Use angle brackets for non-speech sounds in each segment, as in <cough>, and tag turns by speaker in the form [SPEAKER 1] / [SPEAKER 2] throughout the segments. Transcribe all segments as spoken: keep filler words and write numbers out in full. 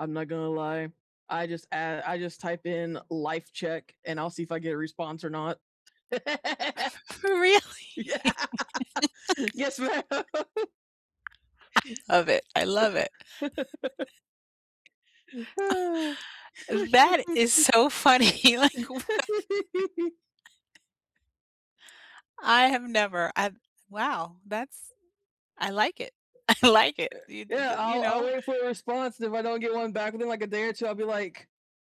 [SPEAKER 1] I'm not gonna lie, I just add I just type in "life check," and I'll see if I get a response or not. <laughs>
[SPEAKER 2] <chuckles> Really?
[SPEAKER 1] Yeah. Yes, ma'am.
[SPEAKER 2] <chuckles> I love it, I love it.
[SPEAKER 1] <chuckles>
[SPEAKER 2] <chuckles> That is
[SPEAKER 1] <chuckles>
[SPEAKER 2] so funny, like, what? <chuckles>
[SPEAKER 1] <chuckles>
[SPEAKER 2] I have never I've wow, that's I like it, I like it.
[SPEAKER 1] E
[SPEAKER 2] Y d d
[SPEAKER 1] yeah,
[SPEAKER 2] you you
[SPEAKER 1] I'll I'll
[SPEAKER 2] know?
[SPEAKER 1] wait for a response and if I don't get one back within, like, a day or two, I'll be like,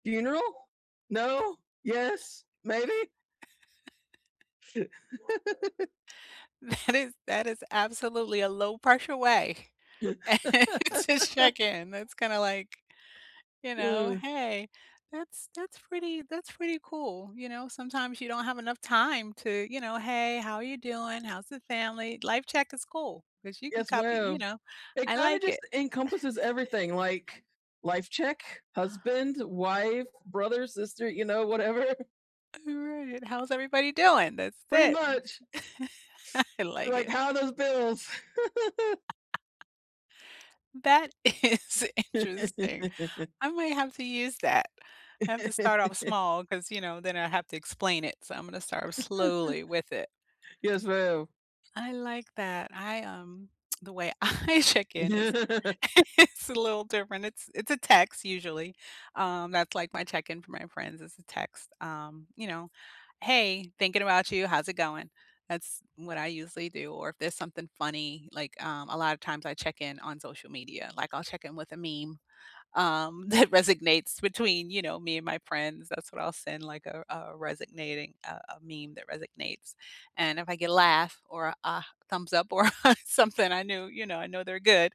[SPEAKER 1] funeral? No? Yes? Maybe?
[SPEAKER 2] <chuckles>
[SPEAKER 1] <chuckles>
[SPEAKER 2] That is that is absolutely a low-pressure way <chuckles> to check-in. That's kinda,
[SPEAKER 1] <chuckles>
[SPEAKER 2] like, you know
[SPEAKER 1] Mm.
[SPEAKER 2] hey, that's that's pretty that's pretty cool, you know? Sometimes you don't have enough time to, you know, "Hey, how are you doing? How's the family?" "Life check" is cool 'cause you can
[SPEAKER 1] Yes,
[SPEAKER 2] copy you
[SPEAKER 1] ma'am.
[SPEAKER 2] know,
[SPEAKER 1] It
[SPEAKER 2] I
[SPEAKER 1] kinda
[SPEAKER 2] like it.
[SPEAKER 1] just encompasses everything,
[SPEAKER 2] <chuckles>
[SPEAKER 1] like, life check, husband, wife, brother, sister, you know, whatever.
[SPEAKER 2] Right, "How's everybody doing?" That's
[SPEAKER 1] Pretty
[SPEAKER 2] it.
[SPEAKER 1] much.
[SPEAKER 2] <chuckles> I like
[SPEAKER 1] Like,
[SPEAKER 2] it.
[SPEAKER 1] how are those bills? <giggles>
[SPEAKER 2] <chuckles> That is interesting.
[SPEAKER 1] <chuckles>
[SPEAKER 2] I might have to use that. I have to start off
[SPEAKER 1] <chuckles>
[SPEAKER 2] small 'cause, you know, then I have to explain it. So, I'm gonna start
[SPEAKER 1] <chuckles>
[SPEAKER 2] slowly with it.
[SPEAKER 1] Yes, ma'am.
[SPEAKER 2] I like that. I, um the way I check-in is
[SPEAKER 1] <chuckles>
[SPEAKER 2] is a little different. It's it's a text, usually, um, that's like my check-in for my friends, it's a text, um, you know? "Hey, thinking about you. How's it going?" That's what I usually do, or, if there's something funny, like, um, a lot of times I check-in on social media, like, I'll check-in with a meme, um, that resignates between, you know, me and my friends, that's what I'll send, like, a a resignating a a meme that resignates. And, if I get a laugh, or a a thumbs up, or something, I knew you know, I know they're good.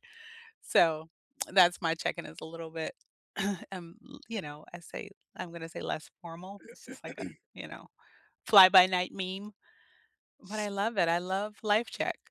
[SPEAKER 2] So, that's my check-in is a little bit, <clears throat> um, you know, I say I'm gonna say less formal, it's just like a,
[SPEAKER 1] <clears throat>
[SPEAKER 2] you know, fly-by-night meme, but I love it. I love life check.